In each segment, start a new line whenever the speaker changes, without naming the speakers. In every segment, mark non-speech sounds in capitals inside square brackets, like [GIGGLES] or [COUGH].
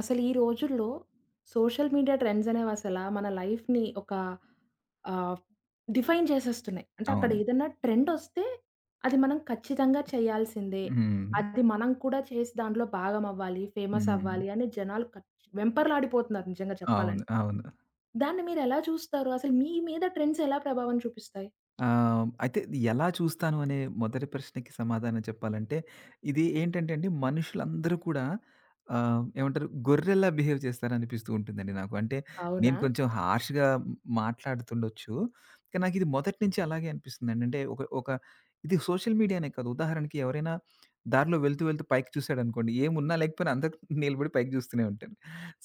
అసలు ఈ రోజుల్లో సోషల్ మీడియా ట్రెండ్స్ అనేవి అసల మన లైఫ్‌ని ఒక ఆహ్, డిఫైన్ చేసేస్తున్నాయి. అంటే అక్కడ
అవును.
ఏదన్న ట్రెండోస్తే అది మనం ఖచ్చితంగా చేయాల్సిందే.
హ్మ్.
అది మనం కూడా చేసి దాంట్లో భాగమవ్వాలి, ఫేమస్
హ్మ్.
అవ్వాలి అని జనాలు కచ్ వెంపర్లాడిపోతున్నారు నిజంగా
అవును.
చెప్పాలండి.
అవును.
దాన్ని మీరు ఎలా చూస్తారు? అసలు మీ మీద ట్రెండ్స్ ఎలా ప్రభావం చూపిస్తాయి?
ఆహ్, అయితే ఇది ఎలా చూస్తాను అనే మొదటి ప్రశ్నకి సమాధానం చెప్పాలంటే, ఇది ఏంటంటే అండి మనుషులందరూ కూడా ఆహ్, ఏమంటారు గొర్రెల్లా బిహేవ్ చేస్తారనిపిస్తూ ఉంటుందండి నాకు. అంటే నేను
అవునా!
కొంచెం హర్ష‌గా మాట్లాడుతుండొచ్చు. కానీ నాకీది మొదటి నుంచి అలాగే అనిపిస్తుందండి. అంటే ఒక ఒక ఇది సోషల్ మీడియానే కాదు. ఉదాహరణకి ఎవరైనా దారిలో వెళ్తూ వెళ్తూ పైకి చూసాడనుకోండి. ఏమున్నా లేకపోయినా అందరి నిలబడి పైకి చూస్తూనే ఉంటాను.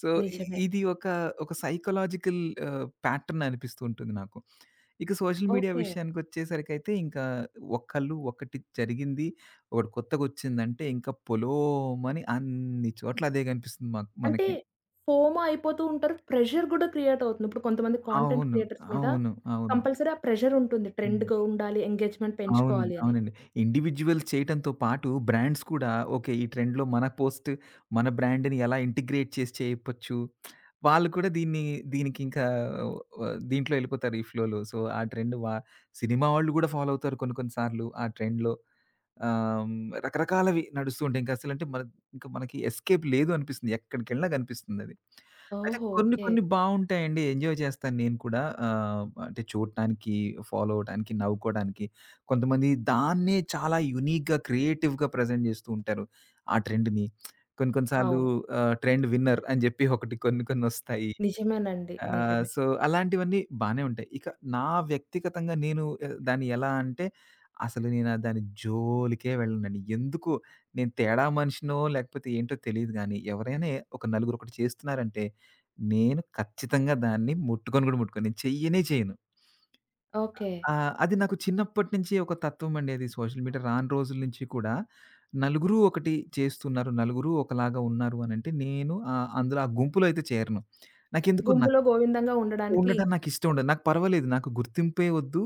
సో ఇ
నిజమే.
ఇది ఒక ఒక సైకలాజికల్ ఆహ్, ప్యాటర్న్ అనిపిస్తూ ఉంటుంది నాకు. ఇక సోషల్ మీడియా
ఓకే.
విషయానికొచ్చేసరికైతే ఇంకా ఒకళ్ళు ఒకటి జరిగింది ఒకటి కొత్తగోచ్చిందంటే ఇంకా పొలోమని అన్ని చోట్ల అదే కనిపిస్తుంది మాకు
అంటే
మనకి.
ఫోమా అయిపోతూంటారు. ప్రెషర్ కూడా క్రియేటవుతుంది. ఇప్పుడు కొంతమంది కాంటెంట్
అవును.
క్రియేటర్స్ మీద
అవును. అవును.
కంపల్సరీ ఆ ప్రెషరుంటుంది.
హ్మ్.
ట్రెండ్‌గా ఉండాలి ఎంగే‌జ్‌మెంట్
అవునండి.
పెంచుకోవాలి అని.
అవునండి. ఇండివిడ్యువల్స్ చేయటంతో పాటు బ్రాండ్స్ కూడా ఓకే. ఈ ట్రెండ్‌లో మన పోస్ట్ మన బ్రాండ్‌ని ఎలా ఇంటిగ్రేట్ చేసి చేయప్పచ్చు. [SMACKS LIPS] వాళ్ళు కూడా దీన్ని దీనికింకా వ దీంట్లో ఎళ్ళిపోతారు ఈ ఫ్లోలో. సో ఆ ట్రెండ్ బ సినిమా వాళ్ళు కూడా ఫాలో అవుతారు కొన్ని కొన్ని సార్లు ఆ ట్రెండ్‌లో. ఆహ్, రకరకాలవి నడుస్తూంటాయి. ఇంక అసలంటే ప మన ఇంకా మనకి ఎస్‌కేప్ లేదు అనిపిస్తుంది. ఎక్కడికెళ్ళినా కనిపిస్తుందది. అయితే
ఓహో!
కొన్ని
ఓకే.
కొన్ని బావుంటాయండి. ఎంజాయ్ చేస్తాను నేను కూడా. ఆహ్, అంటే చూడటానికి ఫాలో అవ్వటానికి నవ్వుకోవడానికి కొంతమంది దాన్నే చాలా యూనీక్‌గా క్రియేటివ్‌గా ప్రెజెంట్ చేస్తూ ఉంటారు. ఆ ట్రెండ్‌ని. [SMACKS LIPS] కొన్ని కొన్ని సార్లు
అవును.
ఆహ్, ట్రెండ్ విన్నర్ అని జెప్పి ఒకటి కొన్ని కొన్ని ఒస్తాయి.
నిజమేనండి.
ఆహ్,
నిజమే.
సో అలాంటివన్నీ బానే ఉంటాయి. ఇక నా వ్యక్తిగతంగా నేను ఎ దాన్ని ఎలా అంటే అసలు నేను ఆ దాన్ని జోలికే వెళ్ళనండి. ఎందుకో నేను తేడా మనిషినో లేకపోతే ఏంటో తెలీదు గానీ ఎవరైనా ఒక నలుగురొకటి చేస్తున్నారంటే నేను ఖచ్చితంగా దాన్ని ముట్టుకొని కూడా ముట్టుకొని నేను చెయ్యనే చేయను.
ఓకే.
ఆహ్, అది నాకు చిన్నప్పటి నించి ఒక తత్వండి అది. సోషల్ మీడియా రాను రోజులనించి కూడా నలుగురు ఒకటి చేస్తున్నారు. నలుగురు ఒకలాగా ఉన్నారు అనంటే నేను ఆహ్, అందులో ఆ గుంపులో అయితే చేరను. నాకెందుకోన
గుంపులో గోవిందంగా ఉండడానికి
ఉండట నాకు ఇష్టం ఉండదు. నాకు పర్వాలేదు. నాకు గుర్తింపే వద్దు.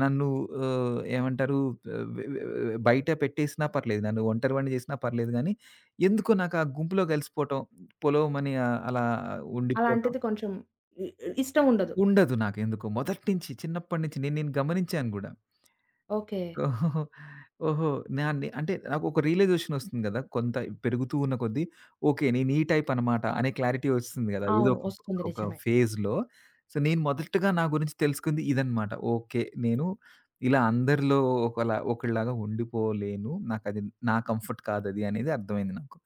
నన్ను ఆహ్, ఏమంటారు ఎ వె వె వె వె బయట పెట్టేసినా పర్లేదు. నన్ను ఒంటరివాడిని చేసినా పర్లేదుగానీ, ఎందుకో నాకా గుంపులో కలిసిపోవటం పొలోమని ఆహ్, అలా ఉండిపోవటం
అలాంటిది కొంచెం ఇ ఇష్టం ఉండదు.
ఉండదు నాకెందుకో. మొదటి నించి చిన్నప్పటి నించి నేను నేను గమనించాను గూడా.
ఓకే.
[CHUCKLES] ఓహో! నాన్నే అంటే నాకొక రియలైజేషన్ ఒస్తుంది కదా! కొంత పెరుగుతూ ఉన్న కొద్దీ ఓకే. నేను ఈ టైప్ అనమాట అనే క్లారిటీ ఒస్తుంది కదా! ఏదో
అవును.
ఒకప్పుడు
ఒస్తుంది.
ఒక
నిజమే.
ఫేజ్‌లో. సో నేను మొదటిగా నా గురించి తెలుసుకుంది ఇదనమాట. ఓకే. నేను ఇలా అందరిలో ఒకలా ఒకళ్లాగా ఉండిపోలేను. నాకది నా కంఫర్ట్ కాదది అనేది అర్థమైంది నాకు.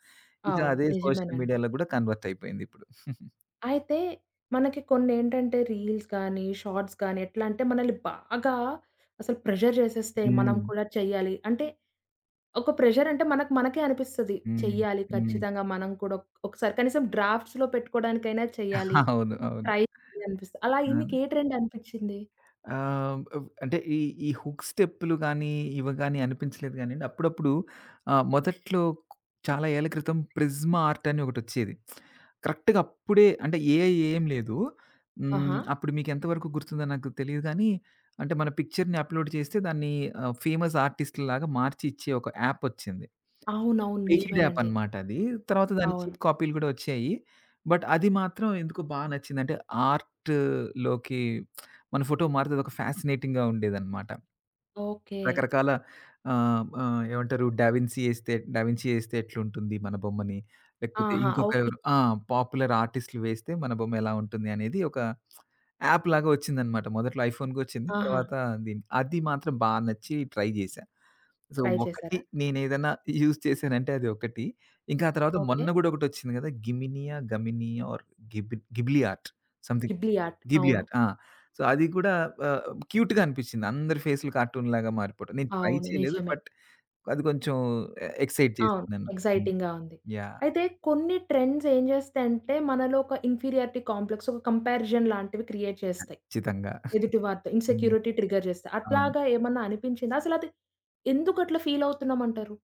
ఇగ
అవును.
అదే సోషల్
నిజమేనండి.
మీడియాలో కూడా కన్వర్ట్ అయిపోయింది ఇప్పుడు. [GIGGLES]
అయితే మనకి కొన్ని ఏంటంటే రీల్స్‌గాని షార్ట్స్ గానీ ఎట్లాంటే మనల్ని బాగా అసలు ప్రెషర్ చేసేస్తే మనం
హ్మ్.
కూడా చెయాలి అంటే ఒక ప్రెషరంటే మనకు మనకే అనిపిస్తది.
హ్మ్.
చెయ్యాలి
హ్మ్.
ఖచ్చితంగా మనం కూడా ఒక్ ఒకసారి కనీసం డ్రాఫ్ట్స్‌లో పెట్టుకోవడానికైనా చెయ్యాలి.
[CHUCKLES] అవును. అవును.
ట్రై అనిపిస్తది. అలాగ
ఆ!
మీకే ట్రెండ్ అనిపించింది?
ఆహ్, అంటే ఈ ఈ హుక్ స్టెప్‌లు గానీ ఇవగాని అనిపించలేదుగానిండి. అప్పుడప్పుడు ఆహ్, మొదట్లో చాలా ఏళ్ళ క్రితం ప్రిస్మా ఆర్ట్ అని ఒకటొచ్చేది. [SMACKS LIPS] కరెక్ట్‌గా అప్పుడే అంటే ఏఐ ఏం లేదు. హ్మ్.
ఆహా!
అప్పుడు మీకెంతవరకు గుర్తుందో నాకు తెలీదు గానీ అంటే మన పిక్చర్‌ని అప్‌లోడ్ చేస్తే దాన్ని ఆహ్, ఫేమస్ ఆర్టిస్ట్‌లాగా మార్చి ఇచ్చే ఒక యాప్ ఒచ్చింది.
అవునవును.
పెయిడ్యాప్
నిజమేనండి.
అనమాట అది. తర్వాత దాని
అవును.
చీప్ కాపీలు కూడా ఒచ్చాయి. బట్ అది మాత్రం ఎందుకో బా నచ్చిందంటే ఆర్ట్‌లోకి [SMACKS LIPS] మన ఫోటో మారితే అదొక ఫ్యాసనేటింగ్‌గా ఉండేదనమాట.
ఓకే.
రకరకాల ఆహ్, ఆహ్, ఏమంటారు 'డవిన్సీ' ఎస్తే, 'డవిన్సీ' ఎస్తే ఎట్లుంటుంది మన బొమ్మని. లేకపోతే
ఆహా!
ఇంకొక
ఓకే.
ఎవరు ఆ! పాపులర్ ఆర్టిస్ట్‌లు వేస్తే మన బొమ్మ ఎలా ఉంటుంది అనేది ఒక యాప్‌లాగా ఒచ్చిందనమాట. మొదట్లో ఐఫోన్‌కోచ్చింది.
ఆహా!
తర్వాత దీ అది మాత్రం బా నచ్చి ట్రై జేశా. సో
ట్రై
ఒకటి
చేసారా?
నేను ఏదైనా యూజ్ చేశానంటే అది ఒకటి. ఇంకా ఆ తర్వాత
ఓకే.
మొన్న కూడా ఒకటొచ్చింది గదా! గిమినియా? గమినియా ఆర్ గిబి Ghibli art. Something.
Ghibli art.
Ghibli
అవును.
ఆట్. ఆ! సో అది కూడా ఆహ్, క్యూట్‌గా అనిపించింది. అందరి ఫేస్లు కార్టూన్‌లాగా మారిపోవటం. నేను ట్రై
అవును.
చేయలేదు.
నిజమే.
బట్ అది కొంచెం ఎ ఎక్సైట్ చేసింది
అవును.
నన్ను. హ్మ్.
ఎక్సైటింగ్‌గా ఉంది.
యాహ్!
అయితే కొన్ని ట్రెండ్స్ ఏం జేస్తాయంటే మనలో ఒక ఇన్ఫీరియర్టీ కాంప్లెక్స్ ఒక కంపారిజన్ లాంటివి క్రియేట్ చేస్తాయి
ఖచ్చితంగా. [CHUCKLES]
ఎదుటివారితో.
హ్మ్.
ఇన్‌సెక్యూరిటీ ట్రిగర్ జేస్తే.
అవును.
అట్లాగా ఏమన్నా అనిపించిందా? అసలది ఎందుకట్లా ఫీల్ అవుతున్నామంటారు?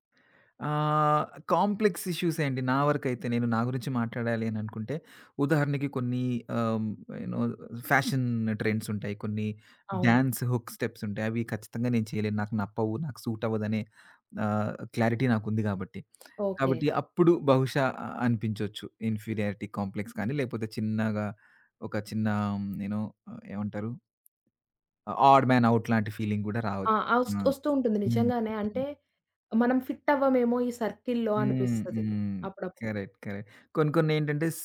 ఆహ్, కాంప్లెక్స్ ఇష్యూసే అండి. నా వరకైతే నేను నా గురించి మాట్లాడాలి అననుకుంటే ఉదాహరణకి కొన్ని ఆహ్, ఏనో ఫ్యాషన్ ట్రెండ్స్ ఉంటాయి. కొన్ని
అవును.
డాన్స్ హుక్ స్టెప్స్ ఉంటాయి. అవి ఖచ్చితంగా నేను చేయలేను. నాకు నప్పవు. నాకు సూట్ అవ్వదనే ఆహ్, క్లారిటీ నాకుంది కాబట్టి.
ఓకే.
కాబట్టి అప్పుడు బహుశా అ అనిపించొచ్చు. ఇన్ఫీరియారిటీ కాంప్లెక్స్ కానీ లేకపోతే చిన్నగా ఒక చిన్న నేను ఏమంటారు? ఆడ్ మన్ ఔట్ లాంటి ఫీలింగ్ కూడా
ఆ!
రావచ్చు.
ఒస్
ఆ!
ఒస్తూ ఉంటుంది
హ్మ్.
నిజంగానే. అంటే మనం ఫిట్ట్వామేమో ఈ సర్కిల్‌లో
హ్మ్,
అనిపిస్తది.
హ్మ్,
అప్పుడప్పుడు.
కరెక్ట్. కరెక్ట్. కొన్ని కొన్ని ఏంటంటే స్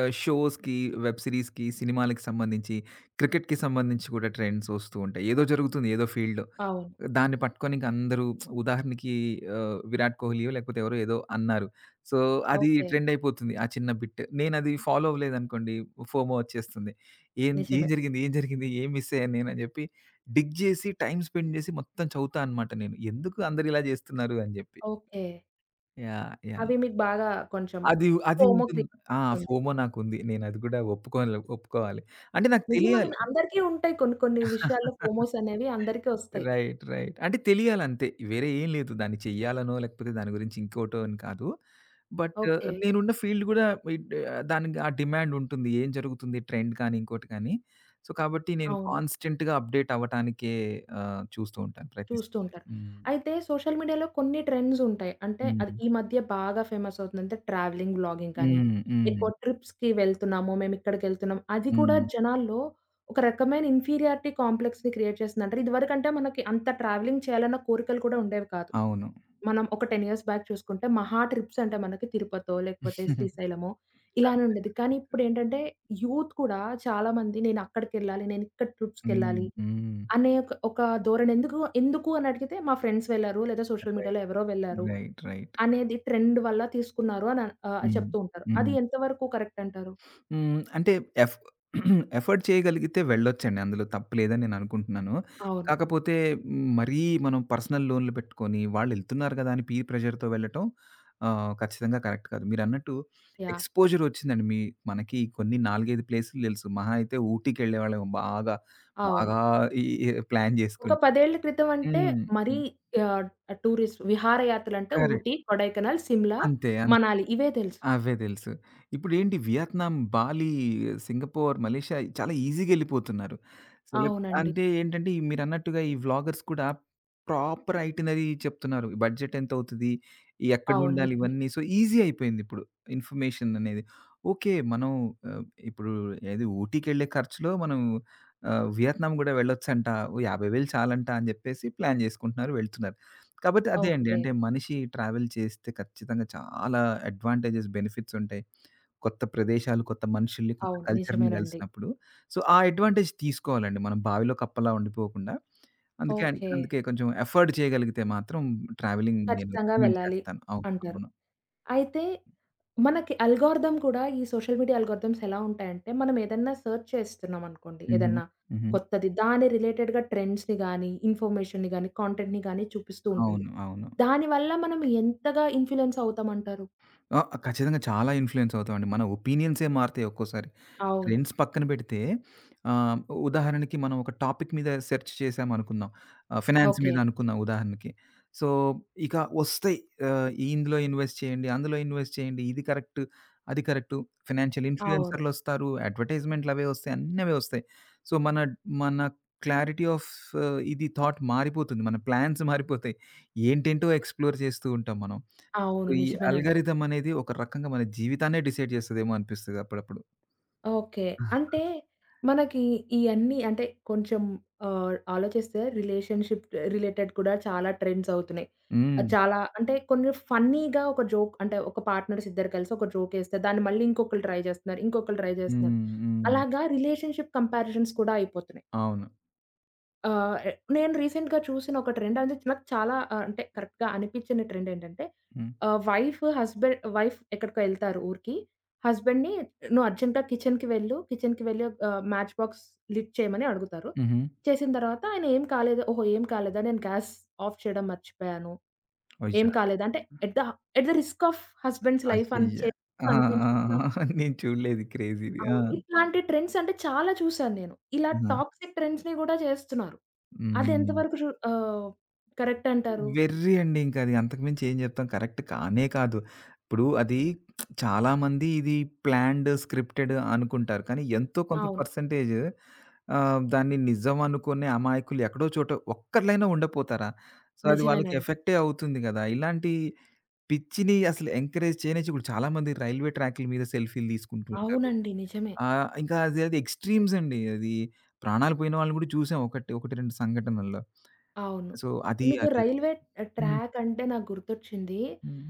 ఆహ్, షోస్‌కి, వెబ్ సీరీస్‌కి సినిమాలకి సంబంధించి క్రికెట్‌కి సంబంధించి కూడా ట్రెండ్స్ ఒస్తూ ఉంటాయి. ఏదో జరుగుతుంది ఏదో ఫీల్డ్‌లో.
అవును.
దాన్ని పట్టుకొని ఇంక అందరూ [SMACKS LIPS] ఉదాహరణకి ఆహ్, విరాట్ కోహ్లియో లేకపోతే ఎవరో ఏదో అన్నారు. సో అది
ఓకే.
ట్రెండ్ అయిపోతుంది. ఆ చిన్న బిట్. నేను అది ఫాలో అవ్వలేదనుకోండి ఫోమో వచ్చేస్తుంది. ఏం ఏం
నిజమే.
జరిగింది? ఏం జరిగింది? ఏం మిసయ్యాను నేను అని చెప్పి డిగ్ జేసి టైమ్ స్పెండ్ జేసి మొత్తం చదువుతా అనమాట నేను. ఎందుకు అందరు ఇలా చేస్తున్నారు అని జెప్పి.
ఓకే.
యాహ్! యాహ్!
అవి మీకు బాగా కొంచెం
అది ఉ అది ఉంటుంది. ఆ
ఫోమోగ్రియతుంది.
ఫోమో నాకుంది. నేనది కూడా ఒప్పుకోలే ఒప్పుకోవాలి. అంటే నాకు తెలియాలి
నిజమనను, అందరికీ ఉంటాయి కొన్ని కొన్ని విషయాల్లో
[CHUCKLES]
ఫోమోసనేవి అందరికి ఒస్తాయి.
Right right. అంటే తెలియాలంతే. వేరే ఏం లేదు దాన్ని చెయ్యాలనో, లేకపోతే దాని గురించి ఇంకోటో, అని కాదు. But
okay.
నేనున్న ఫీల్డ్ కూడా ఇట్ ఆహ్, దానికి ఆ డిమాండ్ ఉంటుంది. ఏం జరుగుతుంది ట్రెండ్‌ కాని, ఇంకోటి కానీ, సో కాబట్టి నేను
అవును.
కాన్స్‌టేంట్‌గా అప్‌డేట్ అవ్వటానికే ఆహ్, చూస్తూ ఉంటాను
చూస్తూ
ప్రయత్నిస్తుంటాను.
ఉంటారు.
హ్మ్.
అయితే సోషల్ మీడియాలో కొన్ని ట్రెండ్స్ ఉంటాయి. అంటే అది
హుహు.
ఈ మధ్య బాగా ఫేమస్ అవుతుందంటే, ట్రావెలింగ్ వ్లాగింగ్ కానీ.
హ్మ్. హ్మ్.
ఎక్కువ ట్రిప్స్‌కి వెళ్తున్నాము. మేమేక్కడికెళ్తున్నాం. అది కూడా
హ్మ్.
జనాల్లో ఒక రకమైన ఇన్ఫీరియారిటీ కాంప్లెక్స్‌ని క్రియేట్ చేసింది అంటే, ఇదివరకంటే మనకి అంత ట్రావెలింగ్ చేయాలన్న కోరికలు కూడా ఉండేవి కాదు.
అవును.
మనం ఒక 10 ఇయర్స్ బ్యాక్ చూసుకుంటే, మహా ట్రిప్స్ అంటే మనకి తిరుపతో, లేకపోతే
[GIGGLES]
శ్రీశైలమో
అంతే
ఇలానుండేది. కానీ
అంతే.
ఇప్పుడేంటంటే, యూత్ కూడా చాలామంది నేనక్కడికెళ్ళాలి, నేనిక్కడ
హ్మ్.
ట్రిప్స్‌కెళ్ళాలి.
హ్మ్.
అనే ఒక ఒక ధోరణి ఎందుకు ఎందుకు అని అడిగితే "మా ఫ్రెండ్స్ ఎళ్లారు, లేదా సోషల్
రైట్.
మీడియాలో ఎవరో వెళ్లారు,
రైట్ రైట్.
అనేది ట్రెండ్ వల్ల తీసుకున్నారు" అన్ ఆహ్
హ్మ్.
చెప్తూ ఉంటారు. అది
హ్మ్.
ఎంతవరకు కరెక్ట్ అంటారు?
హ్మ్. అంటే ఎఫ్ [CLEARS THROAT] ఎఫర్డ్ చేయగలిగితే వెళ్ళొచ్చండి. అందులో తప్పు లేదని నేను అనుకుంటున్నాను.
అవును.
కాకపోతే హ్మ్. మరీ మనం పర్సనల్ లోనులు పెట్టుకొని, వాళ్ళేళ్తున్నారు కదా! అని పీర్ ప్రెషర్‌తో వెళ్ళటం ఆహ్, ఖచ్చితంగా కరెక్ట్ కాదు. మీరన్నట్టు
యాహ్!
ఎక్స్‌పోజర్ ఒచ్చిందండి, మీ మనకి కొన్ని 4, 5 ప్లేసులు తెలుసు. మహా అయితే ఊటికిెళ్ళేవాళ్ళమెమో బాగా,
అవును.
బాగా ఈ ఆహ్, ప్లాన్
ఒక
జేసుకొని.
పదేళ్ళ క్రితం అంటే
హ్మ్.
మరీ
హ్మ్.
ఆహ్, టూరిస్ట్ విహారయాత్రలంటే
కరెక్ట్.
ఊటీ, కొడైకనల్, సిమ్లా,
అంతే. అంత్
మనాలి. ఇవే తెలుసు.
అవే తెలుసు. ఇప్పుడేంటి వియత్నాం, బాలి, సింగపూర్, మలేషియా చాలా ఈజీగెళ్ళిపోతున్నారు. సేలబ్
అవునండి.
అంటే ఏంటంటే, ఈ మీరన్నట్టుగా ఈ వ్లాగర్స్ కూడా ప్రాపర్ ఐటినరీ చెప్తున్నారు. బడ్జెట్ ఎంతవుతది?
అవును.
ఎక్కనుండాలి
నిజమే.
ఇవన్నీ? సో ఈజీ అయిపోయింది ఇప్పుడు. ఇన్ఫమేషన్ అనేది. ఓకే. మనం ఆహ్, ఇప్పుడు ఏది ఊటీకెళ్ళే ఖర్చులో మనం ఆహ్, వియత్నం గూడా వెళ్ళొచ్చంటా. ఓ 50,000 చాలంట అని జెప్పేసి, ప్లాన్ చేసుకుంటున్నారు, వెళ్తున్నారు. కాబోతే అదే అండి.
ఓకే.
అంటే మనిషి ట్రావెల్ చేస్తే ఖచ్చితంగా చాలా అడ్వాంటేజెస్ బెనిఫిట్స్ ఉంటాయి. కొత్త ప్రదేశాలు, కొత్త మనుషుల్ని, కొత్త
అవును.
కల్చర్‌ని
నిజమేనండి.
గలిసినప్పుడు, సో ఆ అడ్వాంటేజ్ తీసుకోవాలండి. మనం బావిలో కప్పలా ఉండిపోకుండా. అందుకే అంట్
ఓకే.
అందుకే కొంచెం ఎఫర్డ్ చేయగలిగితే మాత్రం ట్రావెలింగ్ నేను
ఖచ్చితంగా
రికమెండ్
వెళ్ళాలి
చేస్తాను. అవుక్
అంటారు.
అవును.
అయితే మనకి అల్గారిథమ్ కూడా ఈ సోషల్ మీడియా అల్గారిథమ్స్ ఎలా ఉంటాయంటే మనం ఏదన్నా సెర్చ్ చేస్తున్నాంనుకోండి
హుహు.
ఏదన్నా,
హుహు.
కొత్తది. దాని రిలేటెడ్‌గా ట్రెండ్స్‌ని గాని, ఇన్ఫర్మేషన్‌ని గాని, కాంటెంట్‌ని గాని చూపిస్తూ ఉంటుంది.
అవును. అవును.
దానివల్ల మనం ఎంతగా ఇన్‌ఫ్లుయన్స్ అవుతామంటారు?
ఆ! ఖచ్చితంగా చాలా ఇన్‌ఫ్లుయెన్స్ అవుతామండి. మన ఒపీనియన్సే మారుతాయి ఒక్కోసారి.
అవును.
ట్రెండ్స్ పక్కన పెడితే ఆహ్, ఉదాహరణకి, మనం ఒక టాపిక్ మీద సెర్చ్ చేశాం అనుకుందాం. ఆహ్, ఫినాన్స్ మీద
ఓకే.
అనుకుందాం ఉదాహరణకి. సో ఇక ఒస్తాయి ఆహ్, ఇందులో ఇన్‌వెస్ట్ చేయండి, అందులో ఇన్‌వెస్ట్ చేయండి, ఇది కరెక్ట్, అది కరెక్టు, ఫినాన్సియల్
అవును.
ఇన్‌ఫ్లుయెన్సర్లోస్తారు, అడ్వర్టైజ్‌మెంట్లవి ఒస్తాయి, అన్నవే వస్తాయి. సో మన మన క్లారిటీ ఆఫ్ ఇది థాట్ మారిపోతుంది. మన ప్లాన్స్ మారిపోతాయి. ఏంటేంటో, ఎక్స్‌ప్లోర్ చేస్తూంటాం మనం. సో
అవును.
ఈ
నిజమేనండి.
అల్గారిథమనేది ఒక రకంగా మన జీవితాన్నే డిసైడ్ జేస్తదేమో అనిపిస్తది అప్పుడప్పుడు.
ఓకే. అంటే
[CHUCKLES]
మనకి ఇయన్నీ అంటే కొంచెం ఆహ్, ఆలోచిస్తే రిలేషన్‌షిప్ ఆహ్, రిలేటెడ్ కూడా చాలా ట్రెండ్స్ అవుతున్నాయి. ఆహ్,
హ్మ్.
చాలా అంటే కొన్ని ఫన్నీగా ఒక జోక్ అంటే ఒక పార్ట్‌నర్స్ ఇద్దరు కలిసి ఒక జోకేస్తే, దాన్ని మళ్ళీ ఇంకొకళ్ళు ట్రై జేస్తున్నారు. ఇంకొకళ్ళు ట్రై జేస్తున్నారు.
హ్మ్. హ్మ్.
అలాగా రిలేషన్‌షిప్ కంపారిజన్స్ కూడా అయిపోతున్నాయి.
అవును.
ఆ! ఎ నేను రీసెంట్‌గా చూసిన ఒక ట్రెండనేది నాకు చాలా ఆహ్, అంటే కరెక్ట్‌గా అనిపించిన ట్రెండేంటంటే,
హ్మ్.
ఆ! వైఫ్ హస్బె వైఫ్ ఎక్కడికో ఎళ్తారు ఊరికి? హస్బండ్‌‌నీ నువ్వు అర్జెంటా కిచెన్‌కి వెళ్ళు. కిచెన్‌కి వెళ్ళి ఒక ఆహ్, మ్యాచ్ బాక్స్ లిట్ చేయమని అడుగుతారు.
హుహు.
చేసిన తర్వాత ఆయన ఏం కాలేదు. ఓహో! ఏం కాలేదా? నేను గ్యాస్ ఆఫ్ చేయడం మర్చిపోయాను. ఏం
వైజా
కాలేదు. అంటే at the, at the risk of husband's life అని
అయ్యయ్య! ఆ! ఆ! ఆ!
చేప్పనిపించుకున్న.
[GIGGLES] నేను చూడలేదు క్రేజీది. ఆ!
అవును. ఇట్లాంటి ట్రెండ్సంటే చాలా చూసాను నేను. ఇలా
హుహు.
టాక్సిక్ ట్రెండ్స్‌నీ గూడా చేస్తున్నారు. అది
హ్మ్.
ఎంతవరకు రూ ఆహ్ కరెక్టంటారు?
వెర్రీ అండి ఇంకది అంతకుమించి ఏం చెప్తాం కరెక్ట్ కానే కాదు. ఇప్పుడు అది [SMACKS LIPS] చాలామంది ఇది ప్లాన్డ్, స్క్రిప్టెడ్ అనుకుంటారు. కానీ ఎంతో కొంత
అవును.
పర్సెంటేజు ఆహ్, దాన్ని నిజం అనుకునే అమాయకులు ఎక్కడో చోటో ఒక్కలైనా ఉండపోతారా? సో అది వాళ్ళకి
నిజమేనండి.
ఎఫెక్టే అవుతుంది గదా! ఇలాంటి పిచ్చిని అసలు ఎంకరేజ్ చేయనిచ్చి ఇప్పుడు చాలామంది రైల్వే ట్రాకుల మీద సెల్ఫీలు తీసుకుంటూ ఉంటారు.
అవునండి నిజమే.
ఆహ్, ఇంకా అది అది ఎక్స్‌ట్రీమ్స్ అండి అది. ప్రాణాలు పోయిన వాళ్ళను గూడా చూసాం. ఒకటి, ఒకటి రెండు సంఘటనల్లో.
అవును.
సో అది
మీకు
అది
రైల్వే ఆహ్,
హ్మ్.
ట్రాకంటే నాకు గుర్తొచ్చింది.
హుహు.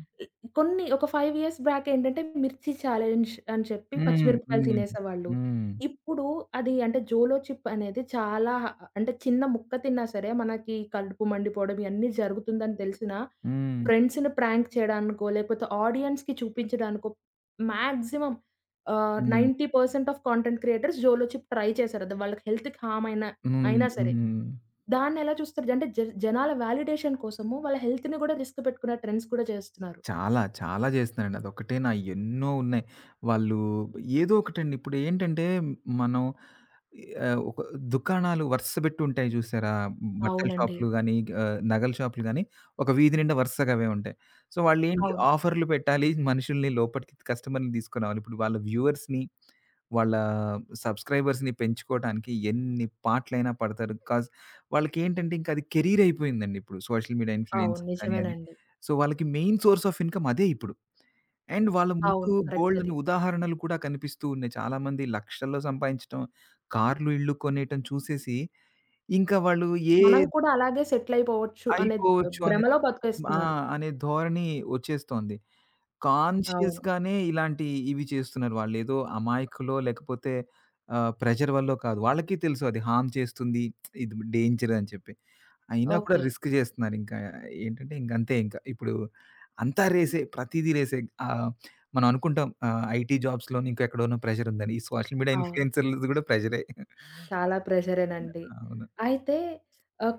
కొన్ని ఒక 5 ఇయర్స్ బ్యాక్ ఏంటంటే మిర్చి ఛాలెంజ్ అని చెప్పి
హ్మ్.
పచ్చిమిరపకాయలు
హ్మ్.
తినేసేవాళ్ళు.
హ్మ్.
ఇప్పుడు అది అంటే 'జోలోచిప్' అనేది చాలా అంటే చిన్న ముక్క తిన్నా సరే మనకి కలుపు మండిపోవడం ఇయన్నీ జరుగుతుందని తెలిసినా,
హ్మ్.
ఫ్రెండ్స్‌ని ప్రాంక్ చేయడానికో లేకపోతే ఆడియన్స్‌కి చూపించడానికో మాక్సిమం ఆహ్,
హ్మ్.
90% ఆఫ్ కాంటెంట్ క్రియేటర్స్ జోలోచిప్ ట్రై చేశారు దా వాళ్ళకి హెల్త్‌కి హామ్ అయినా,
హ్మ్,
అయినా సరే.
హ్మ్.
దాన్నెలా చూస్తారు అంటే జర్ జనాల వాలిడేషన్ కోసము వాళ్ళ హెల్త్‌నీ కూడా రిస్క్ పెట్టుకున్న ట్రెండ్స్ కూడా చేస్తున్నారు.
చాలా చాలా చేస్తున్నారండి. అదొక్కటేనా ఎన్నో ఉన్నాయి. వాళ్ళు ఏదో ఒకటండి. ఇప్పుడు ఏంటంటే మనం ఆహ్, ఒక దుకాణాలు వరుస పెట్టుంటాయి జూసారా? బట్టల
అవునండి.
షాపులు గాని ఆహ్, నగల షాపులు గాని ఒక వీధి నిండ వరుసగ అవే ఉంటాయి. సో వాళ్ళ ఏంటి
అవును.
ఆఫర్‌లూ పెట్టాలి మనుషుల్ని లోపటికి కస్టమర్‌ని తీసుకునిరావాలి. ఇప్పుడు వాళ్ళ వ్యూవర్స్‌నీ వాళ్ళ సబ్స్క్రైబర్స్‌నీ పెంచుకోవటానికి ఎన్ని పాటులైనా పడతారు. కాజ్ వాళ్ళకేంటంటే ఇంకది కెరీర్ అయిపోయిందండి ఇప్పుడు. సోషల్ మీడియా
అవును.
ఇన్‌ఫ్లూయెన్స్‌కీ కానీ అది.
నిజమేనండి.
సో వాళ్ళకి మెయిన్ సోర్స్ ఆఫ్ ఇన్‌కం అదే ఇప్పుడు. అండ్ వాళ్ళ ముందు
అవును. కరెక్ట్ అది.
బోలెడన్ని ఉదాహరణలు కూడా కనిపిస్తూ ఉన్నాయి. చాలామంది లక్షల్లో సంపాదించటం కార్లు ఇళ్లు కొనేయటం చూసేసి ఇంకా వాళ్ళు ఏ
మనం కూడా అలాగే సెటిలయిపోవచ్చు అనే ద్
అయిపోవచ్చు అనే
భ్రమలో
ఆ!
బతికేస్తున్నారు.
అనే ధోరణి ఒచ్చేస్తోంది.
అవును.
కాన్‌షియస్‌గానే ఇలాంటియి ఇవి చేస్తున్నారు వాళ్ళు. ఏదో అమాయకులో లేకపోతే ఆహ్, ప్రెజర్ వల్లో కాదు. వాళ్ళకి తెలుసు అది హార్మ్ చేస్తుంది. ఇది డేంజరని చెప్పి. అయినా కూడా
ఓకే.
రిస్క్ చేస్తున్నారు ఇంకా ఏంటంటే ఇంగ అంతే ఇంకా. ఇప్పుడు అంతా రేసే ప్రతీదీ రేసే ఆహ్, మనమనుకుంటాం ఆహ్, ఐటీ జాబ్స్‌లోనో ఇంకెక్కడోనో ప్రెజరుందని. ఈ సోషల్ మీడియా
అవును.
ఇన్‌ఫ్లూయెన్సర్‌లది కూడా ప్రెజరే. [CHUCKLES]
చాలా ప్రెషరేనండి.
అవును.
అయితే ఆహ్,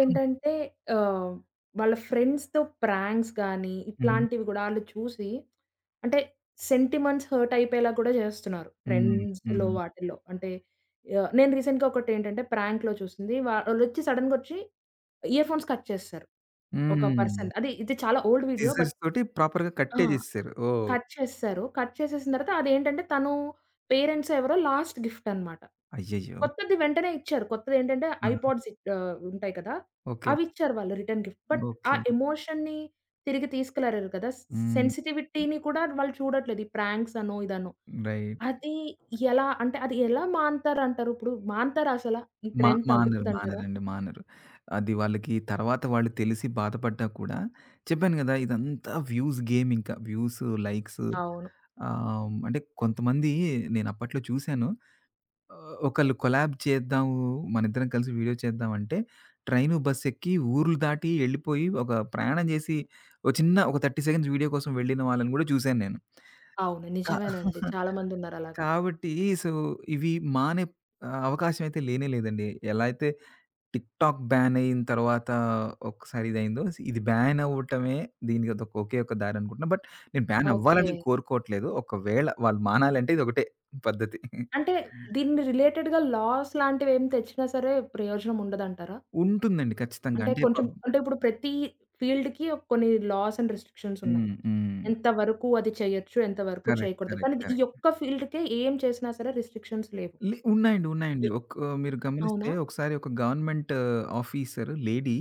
[CLEARS THROAT]
ఆహ్, వాళ్ళ ఫ్రెండ్స్‌తో ప్రాంక్స్ గానీ
హుహు.
ఇట్లాంటివి గుడా ఆళ్ళు చూసి, అంటే సెంటిమంట్స్ హర్ట్ అయిపోయేలాగ కూడా చేస్తున్నారు.
హ్మ్.
ట్రెండ్స్‌లో
హ్మ్.
వాటిల్లో అంటే యాహ్! నేను రీసెంట్‌గా ఒకటేంటంటే ప్రాంక్‌లో చూసింది. వాళ్ళొచ్చి సడన్‌గొచ్చి, ఇయర్ ఫోన్స్ కట్ చేసేసారు. ఒక
హ్మ్.
పర్సన్. అది ఇది చాలా ఓల్డ్ వీడియో బట్
సిజర్స్‌తోటి ప్రాపర్‌గా
ఆ!
కట్టే జేసేసారు. ఓహ్!
కట్ చేసేసారు. కట్ చేసేసిన తర్వాత అదేంటంటే తను పేరెంట్స్ ఎవరో లాస్ట్ గిఫ్ట్ అనమాట.
అయ్యయ్యో!
కొత్తది వెంటనే ఇచ్చారు. కొత్తదేంటంటే
ఆ!
ఐపాడ్స్ ఇహ్ ఆహ్, ఉంటాయి కదా!
ఓకే.
అవిచ్చారు వాళ్ళు రిటర్న్ గిఫ్ట్. బట్ ఆ
ఓకే.
ఎమోషన్‌నీ తిరిగి తీసుకురాలేరు కదా! సి
హ్మ్.
సెన్సిటివిటీని కూడా వాళ్ళు చూడట్లేదు. ఈ ప్రాంక్సనో ఇదనో.
రైట్.
అది ఎలా అంటే అది ఎలా మానుతారంటారు? ఇప్పుడు? మానతార అసల? ఈ
మా
ట్రెండ్
మానరు
తగ్గుతదంటారా?
మానరండి మానరు. అది వాళ్ళకి తర్వాత వాళ్ళు తెలిసి బాధపడ్డా కూడా చెప్పాను గదా! ఇదంతా వ్యూస్ గేమ్ ఇంకా వ్యూస్ లైక్స్
అవును.
ఆహ్, అంటే కొంతమంది నేను అప్పట్లో చూశాను. ఆహ్, ఒకళ్ళు కొలాబ్ చేద్దాము. మనిద్దరం కలిసి వీడియో చేద్దామంటే ట్రైను బస్సు ఎక్కి ఊర్లు దాటి వెళ్ళిపోయి ఒక ప్రయాణం చేసి ఒక చిన్న ఒక 30 సెకండ్స్ వీడియో కోసం వెళ్ళిన వాళ్ళని కూడా జూశాను నేను.
అవును.
కా
నిజమేనండి.
[CHUCKLES]
చాలామందున్నారలాగా.
కాబట్టి సో ఇవి మానెప్ ఆహ్, అవకాశమైతే లేనే లేదండి. ఎలా అయితే టిక్ టాక్ బ్యాన్ అయిన తర్వాత ఒకసారి ఇదైందో. ఇది బ్యాన్ అవ్వటమే దీనికదొక్ ఒకే ఒక దారి అనుకుంటున్నా. బట్ నేను బ్యాన్
ఓకే.
అవ్వాలనేం కోరుకోవట్లేదు. ఒకవేళ వాళ్ళు మానాలంటే ఇదొకటే పద్ధతి.
అంటే దీన్ని రిలేటెడ్‌గా లాస్ లాంటివేం తెచ్చినా సరే ప్రయోజనం ఉండదంటారా?
ఉంటుందండి. ఖచ్చితంగా.
అంటే
అంటే
కొంచెం
పబ్ జీ.
అంటే ఇప్పుడు ప్రత ఫీల్డ్‌‌కీ ఒక కొన్ని లాస్ అండ్ రిస్ట్రిక్షన్స్ ఉన్నాయి.
హ్మ్. హ్మ్.
ఎంతవరకు అది చేయొచ్చు. ఎంతవరకు
కరెక్ట్,
చేయకూడదు.
కరెక్ట్,
కానీది ఈ
కరెక్ట్.
యొక్క ఫీల్డ్‌కే ఏం చేసినా సరే రిస్ట్రిక్షన్స్ లేవు.
లి ఉన్నాయండి. ఉన్నాయండి. ఒక మీరు గమనిస్తే
అవునా?
ఒకసారి ఒక గవర్నమెంట్ ఆఫీసర్ లేడీ,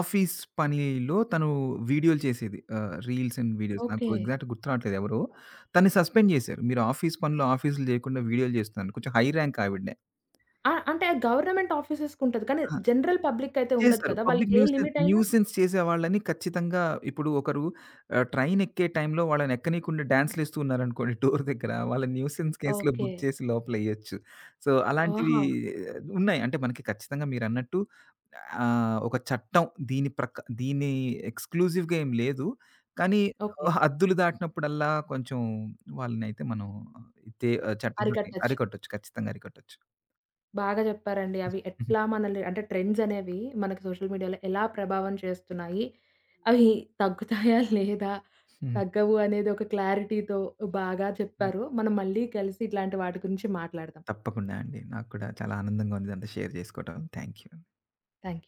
ఆఫీస్ పనిలో తను వీడియోలు చేసేది. ఆహ్, రీల్స్ అండ్ వీడియోస్. నాకు
ఓకే.
ఎగ్జాక్ట్‌ గుర్తు‌రావట్లే ఎవరో. తనని సస్పెండ్ జేశారు. మీరు ఆఫీస్ పనిలో ఆఫీస్‌లు చేయకుండా వీడియోలు చేస్తుందని. కొంచెం హై ర్యాంక్ ఆవిడనే.
ఆ! అంటే గవర్నమెంట్ ఆఫీసెస్‌కి ఉంటది. కానీ
ఆ!
జనరల్ పబ్లికైయితే ఉండదు
చేసారు.
కదా!
పబ్లిక్
వాళ్ళకి ఏ
న్యూసెన్
లిమిటైయినా
న్యూసెన్స్ చేసే వాళ్ళని ఖచ్చితంగా ఇప్పుడు ఒకరు ఆహ్, ట్రైనెక్కే టైంలో వాళ్ళని ఎక్కనీయకుండా డాన్స్‌లేస్తూ ఉన్నారనుకోండి [SNIFFS] డోర్ దగ్గర. వాళ్ళు న్యూసెన్స్ కేస్‌లో బుక్
ఓకే.
చేసి లోపలేయొచ్చు. సో అలాంటివి
ఆహా!
ఉన్నాయి. అంటే మనకి ఖచ్చితంగా మీరన్నట్టు ఆహ్, ఒక చట్టం దీని ప్రక్ దీని ఎక్స్‌క్లూసివ్‌గా ఏమి లేదు. కానీ
ఓకే.
ఆ హద్దులు దాటినప్పుడల్లా కొంచెం వాళ్ళనైతే మనం తే ఆహ్, చట్టంతోటి
అరికట్టచ్చు.
అరికొట్టొచ్చు ఖచ్చితంగా అరికట్టొచ్చు.
బాగా చెప్పారండి. అవి
హుహు.
ఎట్లా మనలిని అంటే ట్రెండ్సనేవి మనకి సోషల్ మీడియాలో ఎలా ప్రభావం చేస్తున్నాయి? అవి [GIGGLES] తగ్గుతాయా లేదా?
హుహు.
తగ్గవు అనేది ఒక క్లారిటీతో బాగా
హ్మ్.
చెప్పారు. మనం మళ్ళీ కలిసి ఇట్లాంటి వాటి గురించి మాట్లాడదాం.
తప్పకుండా అండి. నాకు కూడా చాలా ఆనందంగా ఉంది. ఇదంతా షేర్ చేసుకోవడం. థాంక్యూ.
థాంక్యు.